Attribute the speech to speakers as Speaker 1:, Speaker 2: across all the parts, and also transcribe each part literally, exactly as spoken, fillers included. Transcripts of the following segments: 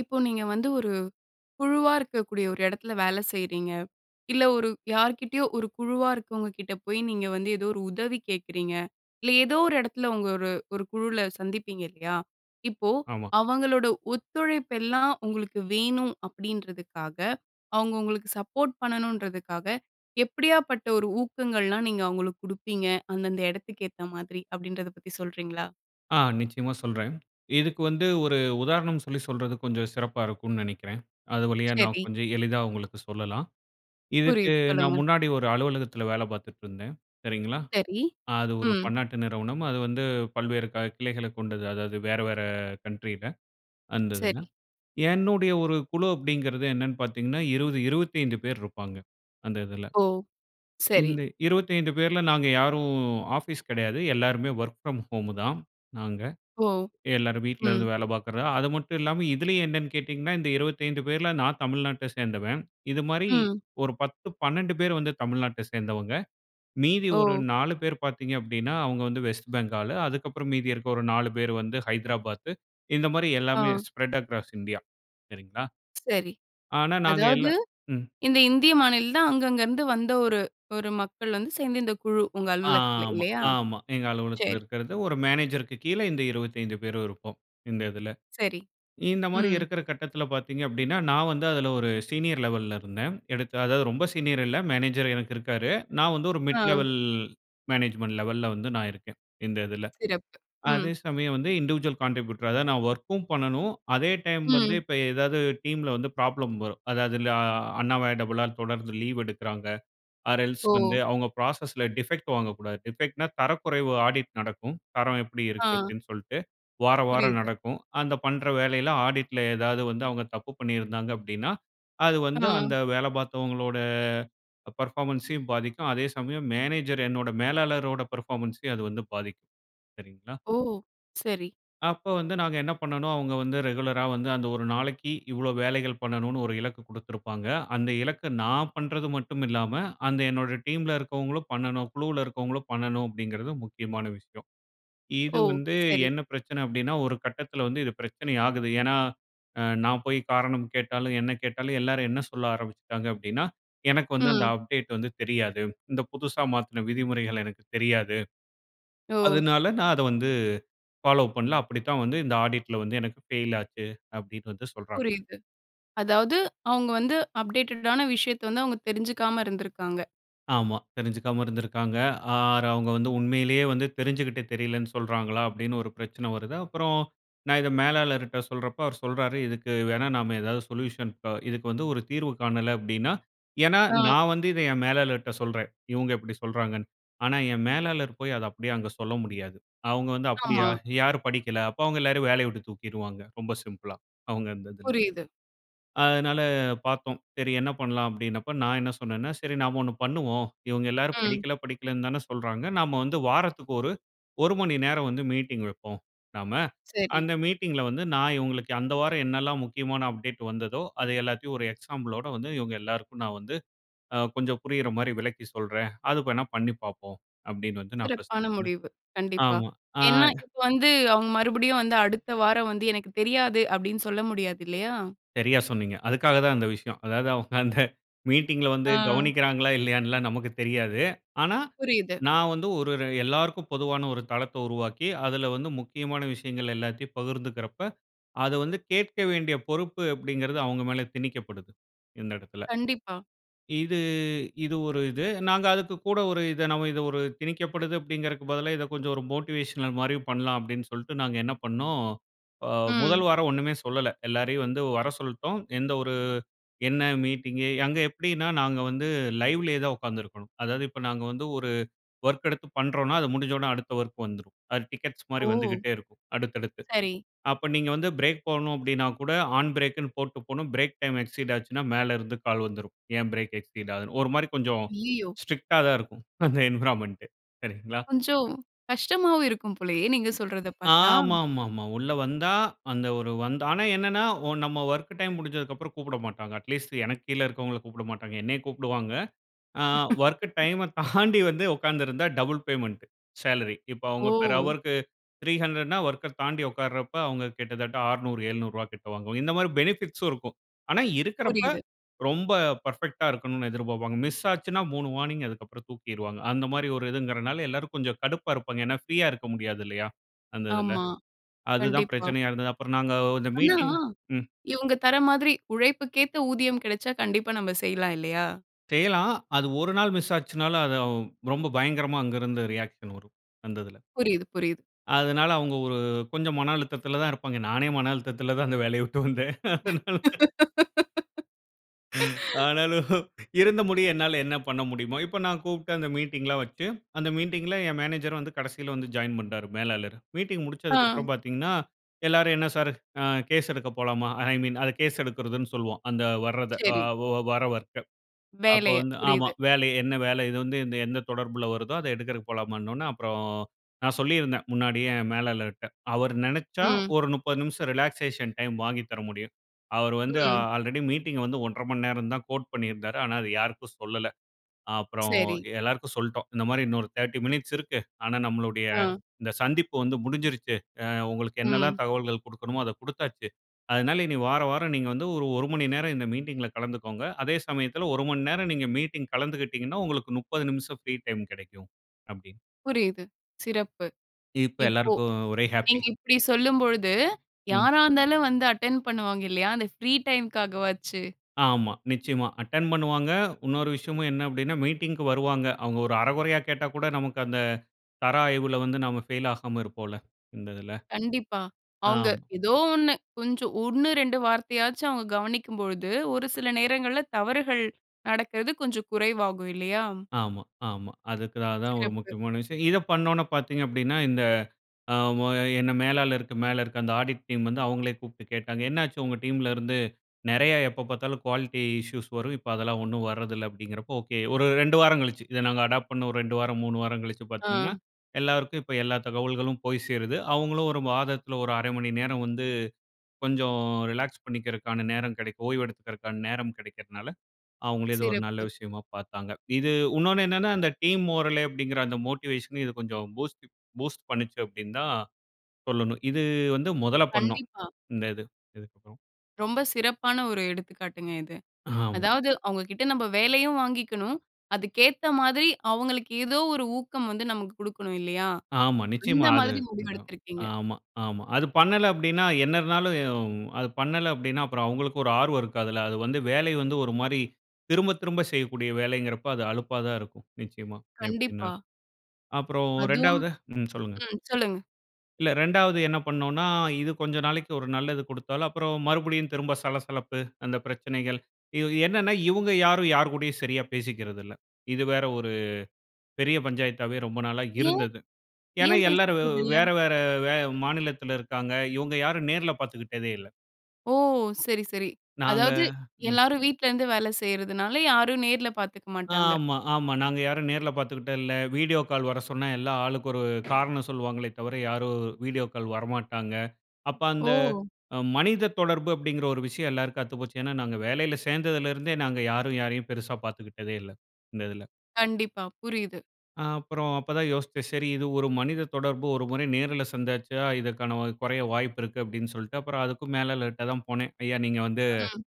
Speaker 1: இப்போ, நீங்க வந்து ஒரு, குழுவா இருக்கக்கூடிய ஒரு எடத்துல வேல செய்றீங்க. இல்ல, ஒரு யார்க்கிட்டயோ ஒரு குழுவா இருக்கவங்க கிட்ட போயி நீங்க வந்து ஏதோ ஒரு உதவி கேக்குறீங்க. இல்ல, ஏதோ ஒரு எடத்துல உங்க ஒரு ஒரு குழுவுல சந்திப்பீங்க இல்லயா? இப்போ,
Speaker 2: ஆமா.
Speaker 1: அவங்களோட ஒத்துழைப்பெல்லாம் உங்களுக்கு வேணும் அப்டீன்றதுக்காக, அவங்க உங்களுக்கு சப்போட் பண்ணணுன்றதுக்காக எப்படியாப்பட்ட ஒரு ஊக்கங்கள்லாம் நீங்க அவங்களுக்கு குடுப்பீங்க? அந்தந்த எடத்துக்கேத்த மாதிரி, அப்டீன்றத பத்தி சொல்றீங்களா?
Speaker 2: ஆ, நிச்சயமா சொல்றேன். இதுக்கு வந்து ஒரு உதாரணம் சொல்லி சொல்றது கொஞ்சம் சிறப்பா இருக்கும்னு நெனைக்கிறேன். அது வழியா நான்
Speaker 1: செரி.
Speaker 2: கொஞ்சம் எளிதா உங்களுக்கு சொல்லலாம். இதுக்கு,
Speaker 1: புரியுது.
Speaker 2: நான்
Speaker 1: சொல்லுங்க.
Speaker 2: முன்னாடி ஒரு அலுவலகத்துல வேல பாத்துட்ருந்தேன், சரிங்களா.
Speaker 1: சரி.
Speaker 2: அது ஒரு
Speaker 1: ம்.
Speaker 2: பன்னாட்டு நிறுவனம். அது வந்து பல்வேறு கா கிளைகளைக் கொண்டது. அதாவது வேற வேற கண்ட்ரில, அந்ததுல.
Speaker 1: செரி.
Speaker 2: என்னுடைய ஒரு குழு அப்டீங்குறது என்னன்னு பாத்தீங்கன்னா, இருவது, இருவத்தைந்து பேர் இருப்பாங்க அந்ததுல.
Speaker 1: ஓ! சரி.
Speaker 2: இந்த இருவத்தைந்து பேர்ல நாங்க யாரும் ஆஃபீஸ் கெடையாது. எல்லாருமே ஒர்க் ஃப்ரம் ஹோமு தான் நாங்க.
Speaker 1: ஓ!
Speaker 2: எல்லாரும் வீட்டிலேருந்து
Speaker 1: ம்.
Speaker 2: வேல பாக்குற அது மட்டும் இல்லாம இதிலேயும் என்னன்னு கேட்டீங்கன்னா, இந்த இருவத்தைந்து பேர்ல நான் தமிழ்நாட்ட சேந்தவன். இதுமாரி,
Speaker 1: ம்.
Speaker 2: ஒரு பத்து, பன்னெண்டு பேர் வந்து தமிழ்நாட்ட சேந்தவங்க. மீதி ஒரு
Speaker 1: ஓ!
Speaker 2: நாலு பேர் பாத்தீங்க அப்டீன்னா, அவங்க வந்து வெஸ்ட் பெங்காலு. அதுக்கப்பறம் மீதி இருக்குற ஒரு நாலு பேர் வந்து, ஹைதராபாத்து. இந்த மாரி எல்லாமே
Speaker 1: ஆ.
Speaker 2: Spread across India. சரிங்களா,
Speaker 1: செரி.
Speaker 2: ஆனா நாங்க
Speaker 1: அதாவது,
Speaker 2: எல்லாம் ம்.
Speaker 1: இந்த இந்திய மாநில தான் அங்கங்கேந்து வந்த ஒரு ஒரு மக்கள் வந்து சேர்ந்த இந்த குழு உங்க அலுவலகத்துல.
Speaker 2: ஆமா,
Speaker 1: இல்லயா?
Speaker 2: ஆமா. எங்க அலுவலகத்துல
Speaker 1: செரி.
Speaker 2: இருக்குறது ஒரு மேனேஜர்‌க்கு கீழ இந்த இருவத்தைந்து பேர் இருப்போம், இந்ததுல.
Speaker 1: செரி.
Speaker 2: இந்த மாரி
Speaker 1: ம்.
Speaker 2: இருக்குற கட்டத்துல பாத்தீங்க அப்டீன்னா, நான் வந்து அதுல ஒரு சீனியர் லெவல்‌ல இருந்தேன். எடுத்த அதாவது, ரொம்ப சீனியர் இல்ல. மேனேஜர் எனக்கு இருக்காரு. நான் வந்து ஒரு
Speaker 1: ஆ.
Speaker 2: மிட் லெவல் மேனேஜ்மென்ட் லெவல்‌ல வந்து நான் இருக்கேன். இந்ததுல.
Speaker 1: சிறப்பு! ம்.
Speaker 2: அதே சமயம் வந்து இன்டிவிஜுவல் கான்ட்ரிபியூட்டர், அதாவது நான் ஒர்க்கும் பண்ணணும், அதே டைம் வந்து
Speaker 1: ம்.
Speaker 2: இப்போ ஏதாவது டீம்ல வந்து ப்ராப்ளம் வரும். அதாவது அ அன்வாய்டபுளா தொடர்ந்து லீவ் எடுக்குறாங்க. ஆர் எல்ஸ் வந்து
Speaker 1: ஓ!
Speaker 2: அவங்க ப்ராசஸ்ல டிஃபெக்ட் வாங்கக்கூடாது. டிஃபெக்ட்னா, தரக்குறைவு ஆடிட் நடக்கும். தரம் எப்படி இருக்கு
Speaker 1: ஆ.
Speaker 2: அப்டீன்னு சொல்ட்டு, வாராவாரம்
Speaker 1: புரியிது.
Speaker 2: நடக்கும். அந்த பண்ற வேலயில ஆடிட்ல ஏதாவது வந்து அவுங்க தப்பு பண்ணிருந்தாங்க அப்டீன்னா, அது வந்து
Speaker 1: ஆ.
Speaker 2: அந்த வேலை பாத்தவங்களோட பெர்ஃபார்மன்ஸையும் பாதிக்கும், அதே சமயம் மேனேஜர் என்னோட மேலாளரோட பெர்ஃபார்மன்ஸையும் அது வந்து பாதிக்கும், சரிங்களா?
Speaker 1: ஓ! செரி.
Speaker 2: அப்போ வந்து நாங்க என்ன பண்ணணும், அவங்க வந்து ரெகுலரா வந்து அந்த ஒரு நாளைக்கு இவ்ளோ வேலைகள் பண்ணணும்னு ஒரு இலக்கு குடுத்துருப்பாங்க. அந்த இலக்க நான் பண்றது மட்டுமில்லாம, அந்த என்னோட டீம்ல இருக்கவங்களும் பண்ணணும். குழுவுல இருக்கவங்களும் பண்ணணும் அப்டீங்கிறது முக்கியமான விஷயம். இது
Speaker 1: ஓ!
Speaker 2: வந்து
Speaker 1: சரி.
Speaker 2: என்ன பிரச்சனை அப்டீன்னா, ஒரு கட்டத்துல வந்து இது பிரச்சனை ஆகுது. ஏன்னா, அ நான் போய் காரணம் கேட்டாலும், என்ன கேட்டாலும் எல்லாரும் என்ன சொல்ல ஆரம்பிச்சுட்டாங்க அப்டீன்னா, "எனக்கு வந்து அந்த
Speaker 1: ம்.
Speaker 2: அப்டேட் வந்து தெரியாது. இந்த புதுசா மாத்துன விதிமுறைகள் எனக்கு தெரியாது.
Speaker 1: ஓ!
Speaker 2: அதனால நான் அத வந்து பாலோ பண்ல. அப்பிடித்தான் வந்து இந்த ஆடிட்‌ல வந்து எனக்கு ஃபெயில் ஆச்சு" அப்டீன்னு வந்து சொல்றாங்க.
Speaker 1: புரியிது. அதாவது அவங்க வந்து அப்டேட்டட்டான விஷயத்த வந்து அவங்க தெரிஞ்சிக்காம இருந்திருக்காங்க.
Speaker 2: ஆமா. தெரிஞ்சிக்காம இருந்திருக்காங்க. ஆர் அவுங்க வந்து உண்மையிலே வந்து தெரிஞ்சுக்கிட்டு தெரியலேன்னு சொல்றாங்களா? அப்டீன்னு ஒரு பிரச்சனை வருது. அப்பறம் நான் இத மேலாளர்ட்ட சொல்றப்போ அவரு சொல்றாரு, "இதுக்கு வேணா நம்ம ஏதாவது சொல்யூஷன் ப இதுக்கு வந்து ஒரு தீர்வு காணல"" அப்டீன்னா ஏன்னா,
Speaker 1: ஆ.
Speaker 2: நான் வந்து இத என் மேலாளர்ட்ட சொல்றேன். "இவ்ங்க இப்பிடி சொல்றாங்கன்னு". ஆனா, என் மேலாளர் போயி அத அப்டீயே அங்க சொல்ல முடியாது. அவங்க வந்து "அப்டீயா?
Speaker 1: ஆமா.
Speaker 2: யாரு படிக்கல? அப்போ அவங்கள எல்லாரயும் வேலய விட்டுத் தூக்கிடுவாங்க ரொம்ப சிம்பிளா, அவுங்க அந்ததுல.
Speaker 1: புரியிது.
Speaker 2: அதனால பாத்தோம். சரி என்ன பண்ணலாம்? அப்டீன்னப்போ, நான் என்ன சொன்னேன்னா, "சரி நாம ஒண்ணு பண்ணுவோம். இவங்க எல்லாரும்
Speaker 1: ம்.
Speaker 2: படிக்கல, படிக்கலன்னு தான சொல்றாங்க. நம்ம வந்து வாரத்துக்கு ஒரு ஒரு மணி நேரம் வந்து மீட்டிங்வெப்போம் நாம.
Speaker 1: செரி.
Speaker 2: அந்த மீட்டிங்க்ல வந்து நான் இவுங்களுக்கு அந்த வாரம் என்னலாம் முக்கியமான அப்டேட் வந்ததோ, அத எல்லாத்தயும் ஒரு எக்ஸாம்பிளோட வந்து இவங்க எல்லாருக்கும் நான் வந்து கொஞ்சம் புரியிற மாரி விளக்கி சொல்றேன். அது வேணா பண்ணி பாப்போம்" அப்டீன்னு வந்து நான் ஃபர்ஸ்ட்
Speaker 1: சிறப்பான
Speaker 2: சொன்னேன்.
Speaker 1: முடிவு, கண்டிப்பா.
Speaker 2: ஆமா. ஆ.
Speaker 1: ஏன்னா இப்போ வந்து அவங்க மறுபடியும் வந்து, அடுத்த வாரம் வந்து "எனக்கு தெரியாது" அப்டீன்னு சொல்ல முடியாது இல்லயா?
Speaker 2: சரியா சொன்னீங்க. அதுக்காக தான் இந்த விஷயம். அதாவது அவ்ங்க அந்த மீட்டிங்‌ல வந்து
Speaker 1: ஆ.
Speaker 2: கவ்னிக்கிறாங்களா, இல்லயான்னு எல்லாம் நமக்கு தெரியாது. ஆனா
Speaker 1: புரியிது.
Speaker 2: நான் வந்து ஒரு ர எல்லாருக்கும் பொதுவான ஒரு தளத்த உருவாக்கி, அதுல வந்து முக்கியமான விஷயங்கள் எல்லாத்தயும் பகிர்ந்துக்குறப்ப அத வந்து கேக்க வேண்டிய பொறுப்பு அப்டீங்கிறது அவங்க மேல திணிக்கப்படுது இந்த எடத்துல.
Speaker 1: கண்டிப்பா.
Speaker 2: இது இது ஒரு இது. நாங்க அதுக்கு கூட ஒரு இத நம்ம இது ஒரு திணிக்கப்படுது அப்டீங்கிறதுக்கு பதிலா இத கொஞ்சம் ஒரு மோட்டிவேஷனல் மாரி பண்ணலாம் அப்டீன்னு சொல்ட்டு நாங்க என்ன பண்னோம், அ
Speaker 1: ம்.
Speaker 2: முதல் வாரம் ஒண்ணுமே சொல்லல. எல்லாரயும் வந்து வர சொல்ட்டோம். எந்த ஒரு, என்ன மீட்டிங், அங்க எப்பிடீன்னா நாங்க வந்து லைவ்‌லயே தான் ஒக்காந்து இருக்கணும். அதாவது இப்போ நாங்க வந்து ஒரு வொர்க் எடுத்து பண்றோம்னா, அது முடிஞ்சொன்னே அடுத்த வொர்க் வந்துரும். அது டிக்கெட்ஸ் மாரி
Speaker 1: ஓ!
Speaker 2: வந்துகிட்டே இருக்கும் அடுத்தடுத்து.
Speaker 1: சரி.
Speaker 2: அப்போ, நீங்க வந்து ஃப்ரேக் போகணும் அப்டீன்னா கூட ஆன் ஃப்ரேக்குன்னு போட்டு போணும். ஃப்ரேக் டைம் எக்சீட் ஆச்சுன்னா மேல இருந்து கால் வந்துரும். "ஏன் ஃப்ரேக் எக்சீட் ஆகுது?", ஒரு மாரி கொஞ்சம்
Speaker 1: அய்யய்யோ!
Speaker 2: ஸ்ட்ரிக்ட்‌டா தான் இருக்கும். அந்த என்வ்ரான்மென்ட். சரீங்களா?
Speaker 1: கொஞ்சம் கஷ்டமாவும் இருக்கும் போலயே, நீங்க சொல்றத பாத்தா.
Speaker 2: ஆமாமாமா. உள்ள வந்தா அந்த ஒரு வந்து ஆனா என்னன்னா, ஒ நம்ப வொர்க் டைம் முடிஞ்சதுக்கப்பறம் கூப்புட மாட்டாங்க. அட்லீஸ்ட் எனக்கு கீழ இருக்குறவங்கள கூப்புடமாட்டாங்க. என்னய கூப்புடுவாங்க. அ வொர்க்கு டைம தாண்டி வந்து ஒக்காந்திருந்தா, டபுள் பேமெண்ட் சேலரி. இப்போ அவங்க பெர்
Speaker 1: ஓ!
Speaker 2: ஹவர்‌க்கு த்ரீ ஹண்ட்ரட்னா வொர்க்‌க தாண்டி ஒக்காருறப்ப அவுங்க கிட்டத்தட்ட அறுநூறு, ஏழுநூறு ரூபாய் கிட்ட வாங்குவாங்க. இந்த மாரி பெனிஃபிட்ஸும் இருக்கு. ஆனா, இருக்கிறப்ப
Speaker 1: புரியிது.
Speaker 2: ரொம்ப பெர்ஃபெக்டா இருக்கணும்னு எதிர்ப்பாப்பாங்க. மிஸ் ஆச்சுன்னா மூணு வார்னிங், அதுக்கப்பறம் தூக்கிருவாங்க. அந்த மாரி ஒரு இதுங்குறனால எல்லாரும் கொஞ்சம் கடுப்பா இருப்பாங்க. ஏன்னா, ஃப்ரீயா இருக்க முடியாது இல்லயா, அந்ததுல?
Speaker 1: ஆமா.
Speaker 2: அதுதான்
Speaker 1: கண்டிப்பா.
Speaker 2: பிரச்சனையா இருந்துச்சு. அப்பறம் நாங்க இந்த
Speaker 1: ஆனா,
Speaker 2: மீட்டிங். ம்.
Speaker 1: இவங்க தர்ர மாதிரி, உழைப்புக்கேத்த ஊதியம் கெடைச்சா, கண்டிப்பா நம்ம செய்யலாம் இல்லயா?
Speaker 2: செய்யலாம். அது ஒரு நாள் மிஸ் ஆச்சுன்னாலும் அது அவ் ரொம்ப பயங்கரமா அங்கு இருந்து ரியாக்‌ஷன் வரும். அந்ததுல.
Speaker 1: புரியிது, புரியிது.
Speaker 2: அதனால அவங்க ஒரு கொஞ்சம் மன அழுத்தத்துல தான் இருப்பாங்க. நானே மன அழுத்தத்துல தான் அந்த வேலய விட்டு வந்தேன். அதனால. ஆனாலும், இருந்த முடிய என்னால என்ன பண்ண முடியுமோ, இப்போ நான் கூப்ட்டு அந்த மீட்டிங்லாம் வச்சு அந்த மீட்டிங்‌ல என் மேனேஜர் வந்து கடசியில வந் ஜாயின் பண்ணிட்டாரு மேலாளரு. மீட்டிங்
Speaker 1: ஆ.
Speaker 2: முடிச்சதுக்கப்பறம் பாத்தீங்கன்னா, எல்லாரும் "என்ன சார்? அ, கேஸ் எடுக்க போலாமா? ஐ மீன் அது கேஸ் எடுக்குறதுன்னு சொல்வோம். அந்த வர்றத அ
Speaker 1: செரி.
Speaker 2: ஒ வர வொர்க்க. அப்போ
Speaker 1: வேலய.
Speaker 2: வந்து ஆமா.
Speaker 1: புரியிது.
Speaker 2: வேலை என்ன வேலை இது வந்து எந்த தொடர்பில வருதோ அத எடுக்குறதுக்கு போலாமான்ன ஒட்னே அப்பறோம் நான் சொல்லிருந்தேன் முன்னாடியே மேலாளர்ட்ட. அவர் நெனைச்சா
Speaker 1: ம்.
Speaker 2: ஒரு முப்பது நிமிஷம் ரிலாக்சேஷன் டைம் வாங்கி தர முடியும். அவர் வந்து
Speaker 1: ம்.
Speaker 2: ஆல்ரெடி மீட்டிங் வந்து ஒன்றரை மணி நேரம் தான் கோட் பண்ணிருந்தாரு. ஆனா அதை யாருக்கும் சொல்லல. அப்பறோம்
Speaker 1: செரி.
Speaker 2: எல்லாருக்கும் சொல்ட்டோம் இந்த மாரி இன்னொரு தேர்ட்டி மினிட்ஸ் இருக்கு. ஆனா நம்மளுடைய
Speaker 1: ஆ.
Speaker 2: இந்த சந்திப்பு வந்து முடிஞ்சிடுச்சு. உங்களுக்கு என்னலாம்
Speaker 1: ம்.
Speaker 2: தகவல்கள் குடுக்கணுமோ அத குடுத்தாச்சு. அதனால இனி வாராவாரம் நீங்க வந்து ஒரு ஒரு மணி நேரம் இந்த மீட்டிங்க்ல கலந்துக்கோங்க. அதே சமயத்துல ஒரு மணி நேரம் நீங்க மீட்டிங் கலந்துக்கிட்டீங்கன்னா, உங்களுக்கு முப்பது நிமிஷம் ஃப்ரீ டைம் கிடைக்கும், அப்டீன்னு.
Speaker 1: புரியிது. சிறப்பு.
Speaker 2: இப்போ
Speaker 1: இப்போ
Speaker 2: எல்லாருக்கும் ஒரே ஹாப்பீ.
Speaker 1: நீங்க இப்பிடி சொல்லும்பொழுது,
Speaker 2: ம்.
Speaker 1: யாராருந்தாலும் வந்து அட்டெண்ட் பண்ணுவாங்க இல்லயா? அந்த ஃப்ரீ டைம்‌காகவாச்சு.
Speaker 2: ஆமா. நிச்சயமா அட்டெண்ட் பண்ணுவாங்க. இன்னொரு விஷயமும் என்ன மீட்டிங்‌க்கு வருவாங்க. அவங்க ஒரு அரைகொறையா கேட்டா கூட நமக்கு அந்த தர ஆய்வுல வந்து நாம ஃபெயில் ஆகாம இருப்போம்ல. இந்ததுல.
Speaker 1: கண்டிப்பா. அவங்க
Speaker 2: ஆமா.
Speaker 1: ஏதோ ஒண்ணு கொஞ்சம், ஒண்ணு, ரெண்டு வார்த்தையாச்சும் அவங்க கவனிக்கும்பொழுது, ஒரு சில நேரங்கள்ல தவறுகள் நடக்குறது கொஞ்சம் குறைவாகும் இல்லயா?
Speaker 2: ஆமா, ஆமா. அதுக்காக தான் ஒரு
Speaker 1: சிறப்பு!
Speaker 2: முக்கியமான விஷயம், இத பண்ணொன்னே பாத்தீங்க அப்டீன்னா, இந்த அ மொ என்னை மேலாளர்க்கு மேல இருக்குற அந்த ஆடிட் டீம் வந்து அவங்களே கூப்ட்டு கேட்டாங்க, "என்ன ஆச்சு? உங்க டீம்‌ல இருந்து, நெறைய எப்ப பாத்தாலும் குவாலிட்டி இஷ்யூஸ் வரும். இப்போ அதெல்லாம் ஒண்ணும் வர்ற்தில்ல" அப்டீன்றப்போ ஓகே. ஒரு, ரெண்டு வாரம் கழிச்சி இத நாங்க அடாப் பண்ண ஒரு ரெண்டு வாரம் மூணு வாரம் கழிச்சி பாத்தீங்கன்னா
Speaker 1: ஆ.
Speaker 2: எல்லாருக்கும் இப்போ எல்லா தகவல்களும் போய் சேருது. அவங்களும் ஒரு மாதத்துல, ஒரு அரை மணி நேரம் வந்து கொஞ்சம் ரிலாக்ஸ் பண்ணிக்கிறக்கான நேரம் கெடைக்கும், ஓய்வு எடுத்துக்கிறக்கான நேரம் கிடைக்கிறனால, அவுங்களே இது ஒரு நல்ல
Speaker 1: சிறப்பு!
Speaker 2: விஷயமா பாத்தாங்க. இது உன்னொன்னு என்னென்னா அந்த டீம் மோரல் அப்டீங்குற அந்த மோட்டிவேஷன் இது கொஞ்சம் பூஸ்ட் பூஸ்ட் பண்ணிச்சு அப்டீன்னு தான் சொல்லணும். இது வந்து முதல்ல பண்ணோம்.
Speaker 1: கண்டிப்பா.
Speaker 2: இந்த இது இதுக்கப்பறம்.
Speaker 1: ரொம்ப சிறப்பான ஒரு எடுத்துக்காட்டுங்க இது.
Speaker 2: ஆமா.
Speaker 1: அதாவது, அவங்க கிட்ட நம்ம வேலயும் வாங்கிக்கணும். அதுக்கேத்த மாதிரி, அவங்களுக்கு ஏதோ ஒரு ஊக்கம் வந்து நமக்கு கொடுக்கணும் இல்லயா?
Speaker 2: ஆமா. நிச்சயமா
Speaker 1: அந்த
Speaker 2: அது.
Speaker 1: மாதிரி முடிவு
Speaker 2: அதான்.
Speaker 1: எடுத்துருக்கீங்க.
Speaker 2: ஆமா, ஆமா. அது பண்ணல அப்டீன்னா என்ன இருந்தாலும் எ யும், அது பண்ணல அப்டீன்னா அப்பறம் அவுங்களுக்கு ஒரு ஆர்வம் இருக்காதுல்ல? அது வந்து வேலை வந்து ஒரு மாரி திரும்ப திரும்ப செய்யக்கூடிய வேலைங்கிறப்ப அது அலுப்பா தான் இருக்கும். நிச்சயமா
Speaker 1: கண்டிப்பா.
Speaker 2: எப்டீன்னாலும். அப்பறம்
Speaker 1: அதுவும்.
Speaker 2: ரெண்டாவது. ம், சொல்லுங்க.
Speaker 1: ம். சொல்லுங்க.
Speaker 2: இல்ல ரெண்டாவது என்ன பண்ணோன்னா, இது கொஞ்சம் நாளைக்கு ஒரு நல்லது குடுத்தாலும், அப்பறம் மறுபடியும் திரும்ப சலசலப்பு அந்த பிரச்சனைகள் இது என்னன்னா, இவுங்க யாரும் யார்கூடயும் சரியா பேசிக்கிறதில்ல. இது வேற ஒரு பெரிய பஞ்சாயத்தாவே ரொம்ப நாளா
Speaker 1: ஏன்?
Speaker 2: இருந்தது. ஏன்னா,
Speaker 1: ஏன்
Speaker 2: எல்லாரும் வ்
Speaker 1: பேசிக்கிறதில்ல?
Speaker 2: வேற, வேற வே மாநிலத்துல இருக்காங்க. இவுங்க யாரும் நேர்ல பார்த்துக்கிட்டதே இல்ல.
Speaker 1: ஓ! சரி, சரி.
Speaker 2: நாங்க.
Speaker 1: அதாவது
Speaker 2: ம்.
Speaker 1: எல்லாரும் வீட்ல இருந்து வேல செய்றதுனால, யாரும் நேர்ல பார்த்துக்க மாட்டாங்க.
Speaker 2: ஆமா, ஆமா. நாங்க யாரும் நேர்ல பார்த்துக்கிட்ட இல்ல. வீடியோ கால் வர சொன்னா, எல்லாம் ஆளுக்கு ஒரு காரணம் சொல்வாங்களே தவிர, யாரும் வீடியோ கால் வரமாட்டாங்க. அப்ப அந்த
Speaker 1: ஓ!
Speaker 2: அ மனித தொடர்பு அப்பிடிங்கிற ஒரு விஷயம் எல்லாருக்கும் அத்துப்போச்சு. ஏன்னா, நாங்க வேலையில சேர்ந்ததுலருந்தே நாங்க யாரும் யாரையும் பெருசா பார்த்துக்கிட்டதே இல்ல. இந்த இதுல.
Speaker 1: கண்டிப்பா. புரியுது.
Speaker 2: ஆ அப்பறம் அப்ப தான் யோசிச்சேன். சரி இது ஒரு மனித தொடர்பு ஒரு முறை நேர்ல சந்தாச்சா, இதற்கான வ குறைய வாய்ப்பு இருக்கு அப்பிடின்னு சொல்லிட்டு, அப்பறம் அதுக்கும் மேல லேட்டா தான் போனேன். ஐயா! நீங்க வந்து,
Speaker 1: ம்.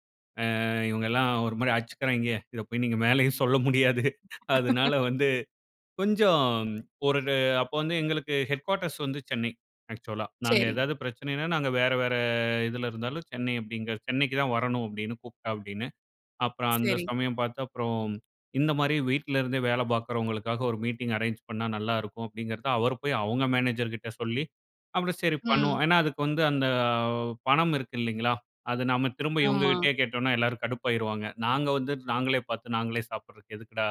Speaker 2: அ இவுங்கல்லாம் ஒருமாரி அச்சுக்கிறாங்கே, இத போய் நீங்க மேலயும் சொல்ல முடியாது அதுனால வந்து கொஞ்சம் ஒரு அப்ப வந்து எங்களுக்கு ஹெட்குவார்டர்ஸ் வந்து சென்னை, ஆக்சுவலா. நாங்க
Speaker 1: சேரி.
Speaker 2: எதாவது பிரச்சனைன்னா, நாங்க வேற, வேற இதுல இருந்தாலும் சென்னை அப்பிடிங்க சென்னைக்கு தான் வரணும், அப்பிடின்னு கூப்பிட்டா அப்பிடின்னு. அப்பறம் அந்த
Speaker 1: சேரி.
Speaker 2: சமயம் பார்த்து அப்புறம் இந்தமாரி வீட்ல இருந்தே வேல பார்க்கறவங்களுக்காக ஒரு மீட்டிங் அரேஞ் பண்ணா நல்லாருக்கும் அப்பிடிங்கிறத அவர் போய் அவுங்க மேனேஜர்கிட்ட சொல்லி, அப்பிடி சரி பண்ணுவோம்.
Speaker 1: ம்.
Speaker 2: ஏன்னா, அதுக்கு வந்து, அந்த பணம் இருக்கு இல்லேங்களா! அது நம்ம திரும்ப
Speaker 1: ஆமா.
Speaker 2: இவுங்கக்கிட்டயே கேட்டோன்னா எல்லாரும் கடுப்பாயிருவாங்க. நாங்க வந்து நாங்களே பார்த்து, நாங்களே சாப்புட்றதுக்கு எதுக்குடா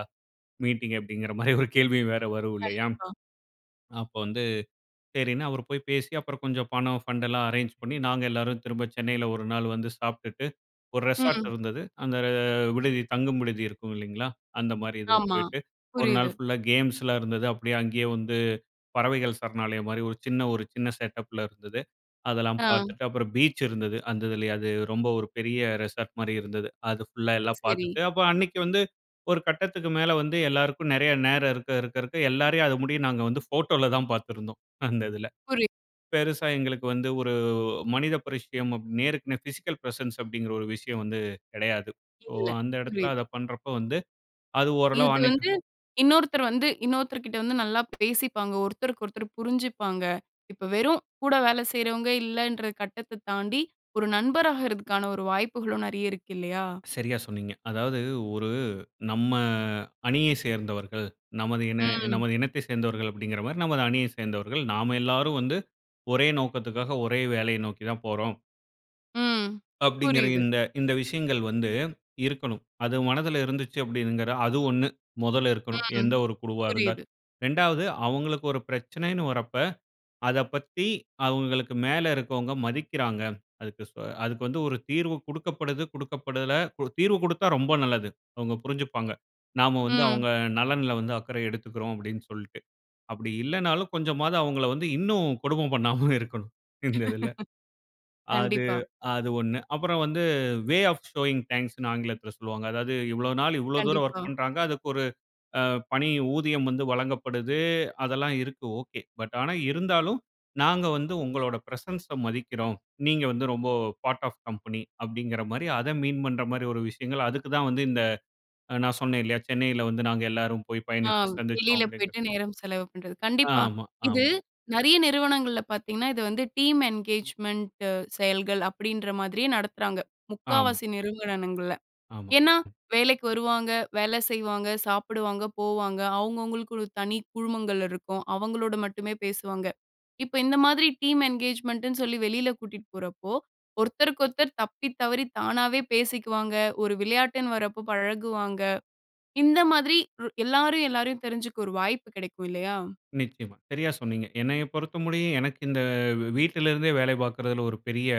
Speaker 2: மீட்டிங்? அப்பிடிங்கிற மாரி ஒரு கேள்வியும் வேற வரும் இல்லயா!
Speaker 1: கண்டிப்பா.
Speaker 2: அப்ப வந்து சரின்னு அவர் போய் பேசி அப்பறம் கொஞ்சம் பணம் ஃபண்டுலாம் அரேஞ்ச் பண்ணி, நாங்க எல்லாரும் திரும்ப சென்னையில ஒரு நாள் வந்து சாப்ட்டுட்டு, ஒரு ரெசார்ட்
Speaker 1: ம்.
Speaker 2: இருந்தது, அந்த விடுதி தங்கும் விடுதி இருக்கும் இல்லேங்ளா! அந்தமாரி இதுல
Speaker 1: ஆமா,
Speaker 2: போயிட்டு, ஒரு நாள்
Speaker 1: புரியுது.
Speaker 2: ஃபுல்லா கேம்ஸ்லாம் இருந்தது. அப்பிடியே அங்கேயே வந்து பறவைகள் சரணாலயம் மாரி ஒரு சின்ன ஒரு சின்ன செட்டப் ல இருந்தது. அதெல்லாம்
Speaker 1: ஆ.
Speaker 2: பார்த்துட்டு, அப்பறம் பீச் இருந்தது. அந்த இதுலயே அது ரொம்ப ஒரு பெரிய ரெசார்ட் மாரி இருந்தது. அது ஃபுல்லா எல்லாம்
Speaker 1: சரி.
Speaker 2: பார்த்துட்டு, அப்ப அன்னக்கி வந்து, ஒரு கட்டத்துக்கு மேல வந்து எல்லாருக்கும் நெறைய நேரம், இருக்க, இருக்க, இருக்க எல்லாரையும் அத முடிய நாங்க வந்து ஃபோட்டோல தான் பார்த்துருந்தோம், அந்த இதுல.
Speaker 1: புரியுது.
Speaker 2: பெருசா எங்களுக்கு வந்து ஒரு மனித பரிட்சையம் அப் நேருக்கு நே பிசிக்கல் பிரசன்ஸ் அப்பிடிங்கிற ஒரு விஷயம் வந்து கெடையாது. சோ,
Speaker 1: இல்ல.
Speaker 2: அந்த இடத்துல
Speaker 1: புரியுது.
Speaker 2: அத பண்றப்போ வந்து அது ஓரளவு
Speaker 1: இது
Speaker 2: அன்னைக்கு
Speaker 1: வந்து இன்னொருத்தர் வந்து இன்னொருத்தர்கிட்ட வந்து நல்லா பேசிப்பாங்க, ஒருத்தருக்கு ஒருத்தர் புரிஞ்சுப்பாங்க, இப்ப வெறும் கூட வேல செய்றவங்க இல்லன்ற கட்டத்த தாண்டி, ஒரு நண்பராக இருக்கிறதுக்கான ஒரு வாய்ப்புகளும் நெறைய இருக்கு இல்லயா!
Speaker 2: சரியா சொன்னீங்க. அதாவது ஒரு நம்ம அணியே சேர்ந்தவர்கள், நமது இன
Speaker 1: ம்.
Speaker 2: நமது இனத்தை சேர்ந்தவர்கள் அப்பிடிங்கிறமாரி நமது அணியைச் சேர்ந்தவர்கள். நாம எல்லாரும் வந்து ஒரே நோக்கத்துக்காக ஒரே வேலைய நோக்கி தான் போறோம்.
Speaker 1: ம்.
Speaker 2: அப்டீன்கிற
Speaker 1: புரியுது.
Speaker 2: இந்த இந்த விஷயங்கள் வந்து, இருக்கணும். அது மனதில இருந்துச்சு அப்டீங்குற அது ஒண்ணு மொதல்ல இருக்கணும்.
Speaker 1: ம்.
Speaker 2: எந்த ஒரு குழுவா
Speaker 1: புரியுது.
Speaker 2: இருந்தாலும். ரெண்டாவது அவுங்களுக்கு ஒரு பிரச்சனன்னு வரப்ப, அத பத்தி அவுங்களுக்கு மேல இருக்கவொங்க மதிக்கிறாங்க. அதுக்கு ஸ்வ அதுக்கு வந்து ஒரு தீர்வு குடுக்கப்படுது குடுக்கப்படல ஒரு தீர்வு குடுத்தா ரொம்ப நல்லது. அவங்க புரிஞ்சுப்பாங்க. "நாம வந்து
Speaker 1: ம்.
Speaker 2: அவங்க அ நலன்ல வந்து அக்கறை எடுத்துக்குறோம்" அப்டீன்னு சொல்ட்டு. அப்பிடி இல்லன்னாலும் கொஞ்சமாவது அவுங்கள வந்து இன்னும் கொடும பண்ணாம இருக்கணும், இந்ததுல. அது,
Speaker 1: கண்டிப்பா.
Speaker 2: அது ஒண்ணு அப்பறம் வந்து, "வே ஆஃப் ஷோயிங் தேங்க்ஸ்ன்னு" ஆங்கிலத்துல சொல்லுவாங்க. அதாவது இவ்ளோ நாள் இவ்ளோ தூரம் ஒர்க்
Speaker 1: கண்டிப்பா.
Speaker 2: பண்றாங்க. அதுக்கு ஒரு அ பணி ஊதியம் வந்து வழங்கப்படுது. அதெல்லாம் இருக்கு ஓகே. பட் ஆனா இருந்தாலும், "நாங்க வந்து உங்களோட பிரசன்ஸ மதிக்கிறோம். நீங்க வந்து ரொம்ப பார்ட் ஆஃப் கம்பனி" அப்டீங்குற மாரி அத மீன் பண்ற மாரி ஒரு விஷயங்கள அதுக்கு தான் வந்து இந்த நான் அ சொன்னேன் இல்லயா? சென்னையில வந்து நாங்க எல்லாரும் போயி
Speaker 1: ஆ,
Speaker 2: பயணித்து சந்திச்சோம்
Speaker 1: வெளியில
Speaker 2: அப்டீங்கிறது.
Speaker 1: போய்ட்டு நேரம் செலவு பண்றது.
Speaker 2: அ
Speaker 1: கண்டிப்பா.
Speaker 2: ஆமா.
Speaker 1: இது
Speaker 2: ஆமா.
Speaker 1: நெறைய நிறுவனங்கள்ல பாத்தீங்கன்னா இது வந்து டீம் என்கேஜ்மெண்ட் அ செயல்கள் அப்டீன்ற மாதிரியே நடத்துறாங்க,
Speaker 2: ஆமா.
Speaker 1: முக்காவாசி நிறுன்வனங்கள்ல.
Speaker 2: ஆமா.
Speaker 1: ஏன்னா, வேலைக்கு வருவாங்க, வேலை செய்வாங்க, சாப்புடுவாங்க, போவாங்க. அவுங்கவுங்களுக்கு ஒரு தனி குழுமங்கள் இருக்கும். அவங்களோடு மட்டுமே பேசுவாங்க. இப்ப, இந்த மாதிரி டீம் என்கேஜ்மெண்ட் ன்னு சொல்லி வெளியில கூட்டிட்டு போறப்போ ஒருத்தருக்கொருத்தர் தப்பி தவறி தானாவே பேசிக்குவாங்க. ஒரு விளையாட்டுன்னு வரப்போ பழகுவாங்க. இந்த மாதிரி எல்லாரும் எல்லாரயும் தெரிஞ்சுக்க ஒரு வாய்ப்பு கெடைக்கும் இல்லையா?
Speaker 2: நிச்சயமா. சரியா சொன்னீங்க. என்னைய பொறுத்தமுடிய எனக்கு இந்த வெவ் வீட்ல இருந்தே வேலை பாக்குறதுல ஒரு பெரிய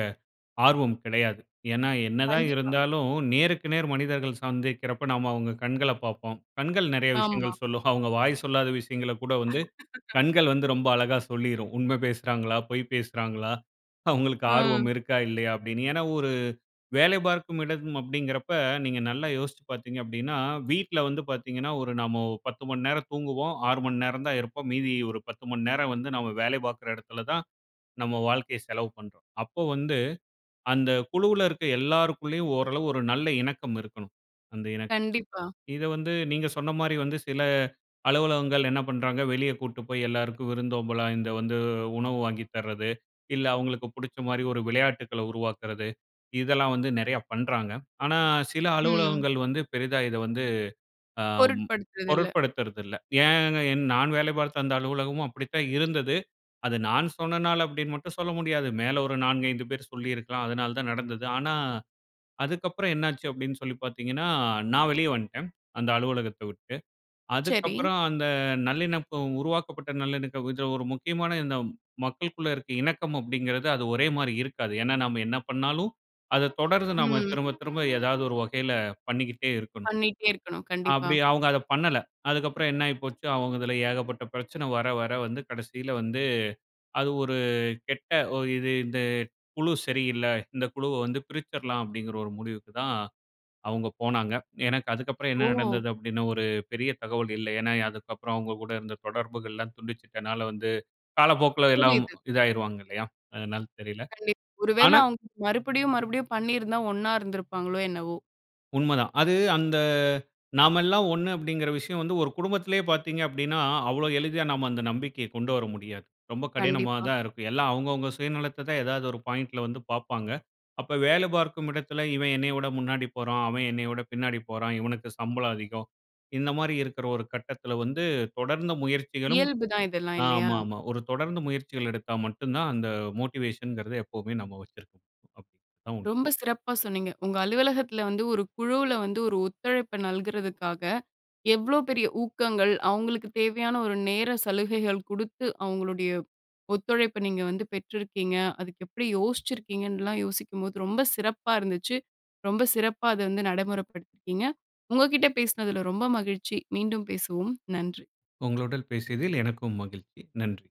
Speaker 2: ஆர்வம் கெடையாது. ஏன்னா என்ன தான்
Speaker 1: கண்டிப்பா.
Speaker 2: இருந்தாலும் நேருக்கு நேர் மனிதர்கள் சந்திக்கிறப்ப நம்ம அவுங்க கண்கள பாப்போம். கண்கள் நெறைய
Speaker 1: ஆமா.
Speaker 2: விஷயங்கள் சொல்லும். அவங்க வாய் சொல்லாத விஷயங்கள கூட வந்து கண்கள் வந்து ரொம்ப அழகா சொல்லிரும். உண்ம பேசுறாங்களா? பொய் பேசுறாங்களா? அவுங்களுக்கு ஆர்வம்
Speaker 1: ம்.
Speaker 2: இருக்கா? இல்லையா? அப்டீன்னு. ஏன்னா ஒரு வேலை பார்க்கும் இடம் அப்டீன்கிறப்ப நீங்க நல்லா யோசிச்சு பாத்தீங்க அப்டீன்னா, வீட்ல வந்து பாத்தீங்கன்னா ஒரு நாம பத்து மணி நேரம் தூங்குவோம். ஆறு மணி நேரம் தான் இருப்போம். மீதி ஒரு பத்து மணி நேரம் வந்து நாம வேல பாக்குற எடத்துல தான் நம்ம வாழ்க்கைய செலவு பண்றோம். அப்போ வந்து அந்த குழுவுல இருக்குற எல்லாருக்குள்ளயும் ஓரளவு ஒரு நல்ல இணக்கம் இருக்கணும். அந்த இணக்க
Speaker 1: கண்டிப்பா.
Speaker 2: இத வந்து நீங்க சொன்ன மாரி வந்து சில அலுவலகங்கள் என்ன பண்றாங்க வெளிய கூட்டு போயி எல்லாருக்கும் விருந்தோம்பலா இந்த வந்து உணவு வாங்கி தர்றது, இல்ல அவுங்களுக்கு புடிச்ச மாரி ஒரு விளையாட்டுக்களை உருவாக்குறது. இதெல்லாம் வந்து நெறைய பண்றாங்க. ஆனா, சில
Speaker 1: ம்.
Speaker 2: அலுவலகங்கள் வந்து பெரிதா இத வந்து அ ம்
Speaker 1: பொருட்படுத்துறதில்ல.
Speaker 2: பொருட்படுத்துறதில்ல. ஏன் நான் வேலை பாத்த அந்த அலுவலகமும் அப்பிடித்தான் இருந்தது. அது நான் சொன்னனால அப்டீன்னு மட்டும் சொல்ல முடியாது. மேல ஒரு நான்கு ஐந்து பேர் சொல்லிருக்கலாம். அதனால தான் நடந்தது. ஆனா, அதுக்கப்பறம் என்ன ஆச்சு அப்டீன்னு சொல்லி பாத்தீங்கன்னா, நான் வெளிய வந்டேன். அந்த அலுவலகத்த விட்டு.
Speaker 1: செரி.
Speaker 2: அதுக்கப்பறம் அந்த நல்லிணப்பு உருவாக்கப்பட்ட நல்லிணக்க கொஞ்சம் ஒரு முக்கியமான இந்த மக்களுக்குள்ள இருக்கிற இணக்கம் அப்டீங்கிறது அது ஒரே மாரி இருக்காது. ஏன்னா, நாம என்ன பண்ணாலும் அத தொடர்ந்து நாம
Speaker 1: ம்.
Speaker 2: திரும்ப திரும்ப ஏதாவது ஒரு வகையில பண்ணிக்கிட்டே இருக்கணும்.
Speaker 1: பண்ணிட்டே இருக்கணும். கண்டிப்பா.
Speaker 2: அப்பிடி அவங்க அத பண்ணல. அதுக்கப்பறம் என்னாயி போச்சு, அவங்க இதுல ஏகப்பட்ட பிரச்சன வர வர வந்து கடைசியில வந்து, "அது ஒரு கெட்ட ஒ இது இந்த குழு சரி இல்ல. இந்த குழுவை வந்து பிரிச்சிரலாம்" அப்டீங்குற ஒரு முடிவுக்கு தான் அவங்க போனாங்க. எனக்கு அதுக்கப்பறம்
Speaker 1: ஓ!
Speaker 2: என்ன நடந்தது அப்டீன்னு ஒரு பெரிய தகவல் இல்ல. ஏன்னா அதுக்கப்பறம் அவங்க கூட இருந்த தொடர்புகள்லாம் துண்டிச்சிட்டனால வந்து காலப்போக்குல எல்லாம்
Speaker 1: புரியுது.
Speaker 2: இதாயிருவாங்க இல்லையா? அதனால தெரியல.
Speaker 1: கண்டிப். ஒருவேளை
Speaker 2: ஆனா.
Speaker 1: அவங்க மறுபடியும், மறுபடியும் பண்ணிருந்தா ஒண்ணா இருந்திருப்பாங்களோ என்னவோ?
Speaker 2: உண்மதான். அது அந்த "நாமெல்லாம் ஒண்ணு" அப்டீங்குற விஷயம் வந்து ஒரு குடும்பத்திலயே பாத்தீங்க அப்டீன்னா அவ்ளோ எளிதா நாம அந்த நம்பிக்கைய கொண்டு வர முடியாது. ரொம்ப
Speaker 1: கண்டிப்பா.
Speaker 2: கடினமானதா இருக்கும். எல்லாம் அவுங்கவுங்க சுயநலத்த தான் ஏதாவது ஒரு பாயிண்ட்‌ல வந்து பாப்பாங்க. அப்ப வேலை பார்க்கும் இடத்தில "இவன் என்னைய விட முன்னாடி போறான். அவன் என்னைய விட பின்னாடி போறான். இவனுக்கு சம்பளம் அதிகம்" இந்த மாரி இருக்குற ஒரு கட்டத்துல வந்து தொடர்ந்து முயற்சிகளும்,
Speaker 1: இயல்புதான் இதெல்லாம் இல்லயா?
Speaker 2: ஆமாமா. ஒரு தொடர்ந்து முயற்சிகள் எடுத்தா மட்டும் தான் அந்த மோட்டிவேஷன்ங்குறத எப்போமே நாம வச்சுருக்க முடியும். அப்பிடி. அதான் உண்ம.
Speaker 1: ரொம்ப சிறப்பா சொன்னீங்க. உங்க அலுவலகத்துல வந்து ஒரு குழுவுல வந்து ஒரு ஒத்துழைப்ப நல்குறதுக்காக, எவ்ளோ பெரிய ஊக்கங்கள், அவுங்களுக்கு தேவையான ஒரு நேர சலுகைகள் குடுத்து அவுங்களுடைய ஒத்துழைப்ப நீங்க வந்து பெற்றிருக்கீங்க. அதுக்கு எப்படி யோசிச்சிருக்கீங்கன்னுலாம் யோசிக்கும்போது ரொம்ப சிறப்பா இருந்துச்சு. ரொம்ப சிறப்பா அத வந்து நடைமுறப்படுத்திருக்கீங்க. உங்க கிட்ட பேசினதுல ரொம்ப மகிழ்ச்சி. மீண்டும் பேசுவோம். நன்றி.
Speaker 2: உங்களுடன் பேசியதில் எனக்கும் மகிழ்ச்சி. நன்றி.